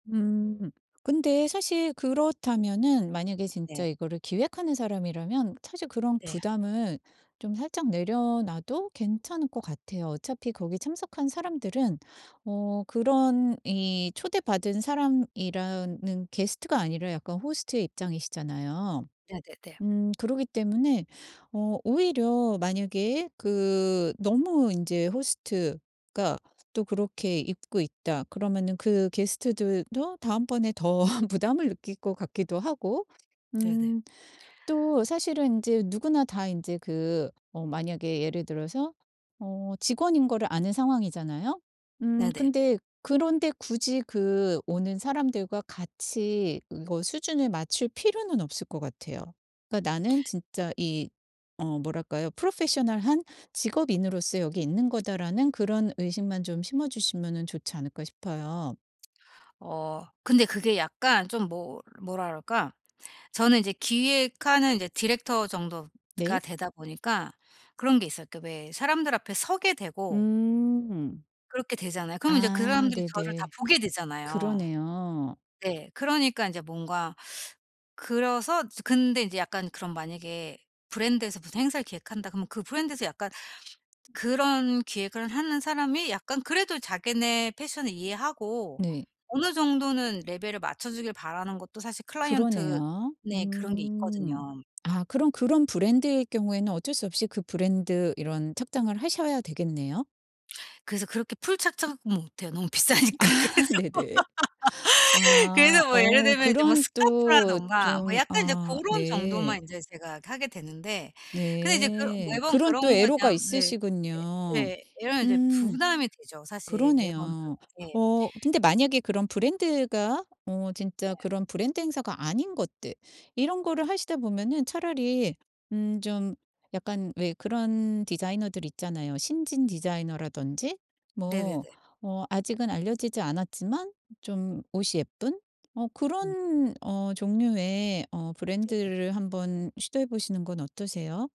음 근데 사실 그렇다면은 만약에 네. 진짜 이거를 기획하는 사람이라면 사실 그런 네. 부담을 좀 살짝 내려놔도 괜찮을 것 같아요. 어차피 거기 참석한 사람들은 어 그런 이 초대받은 사람이라는 게스트가 아니라 약간 호스트의 입장이시잖아요. 네네네. 음 그러기 때문에 어 오히려 만약에 그 '너무 인제 호스트가 또 그렇게 입고 있다.' 그러면은 그 게스트들도 다음번에 더 부담을 느낄 것 같기도 하고 네네. 음 또 사실은 인제 누구나 다 인제 그 어 만약에 예를 들어서 어 직원인 거를 아는 상황이잖아요. 음 네네. 근데 그런 데 굳이 그 오는 사람들과 같이 이거 수준을 맞출 필요는 없을 것 같아요. 그러니까 나는 진짜 이 어 뭐랄까요? '프로페셔널한 직업인으로서 여기 있는 거다.'라는 그런 의식만 좀 심어주시면은 좋지 않을까 싶어요. 어 근데 그게 약간 좀 뭐 뭐라 그럴까? 저는 이제 기획하는 이제 디렉터 정도가 네. 되다 보니까 그런 게 있어요. 그니까 왜 사람들 앞에 서게 되고 음. 그렇게 되잖아요. 그럼 인제 그 아 사람들이 저를 다 네네. 보게 되잖아요. 그러네요. 네. 그러니까 인제 뭔가 그래서 근데 인제 약간 그럼 만약에 브랜드에서 무슨 행사를 기획한다 그러면 그 브랜드에서 약간 그런 기획을 하는 사람이 약간 그래도 자기네 패션을 이해하고 네. 어느 정도는 레벨을 맞춰주길 바라는 것도 사실 클라이언트 그러네요. 네 그런 게 음. 있거든요. 아 그럼 그런 브랜드일 경우에는 어쩔 수 없이 그 브랜드 이런 착장을 하셔야 되겠네요. 그래서 그렇게 풀 착장 음 못해요. 너무 아 비싸니까. 그래서, 네네. 그래서 아 뭐 예를 어 들면 이제 뭐 그런 또 스카프라든가 뭐 좀 약간 이제 아 고런 네. 정도만 인제 제가 하게 되는데 근데 이제 그 네. 매번 그런 또 그런 거에 대한 애로가 예. 있으시군요. 예예. 이러면 이제 음. 부담이 되죠. 사실 매번 그러네요. 그렇게 어 근데 만약에 그런 브랜드가 어 네. 진짜 그런 브랜드 행사가 아닌 것들 이런 거를 하시다 보면은 차라리 음 좀 약간 왜 그런 디자이너들이 있잖아요, 신진 디자이너라든지. 네네네. 뭐 어 아직은 알려지지 않았지만 좀 옷이 예쁜 어 음. 그런 어 종류의 어 네네. 브랜드를 한번 시도해 보시는 건 어떠세요?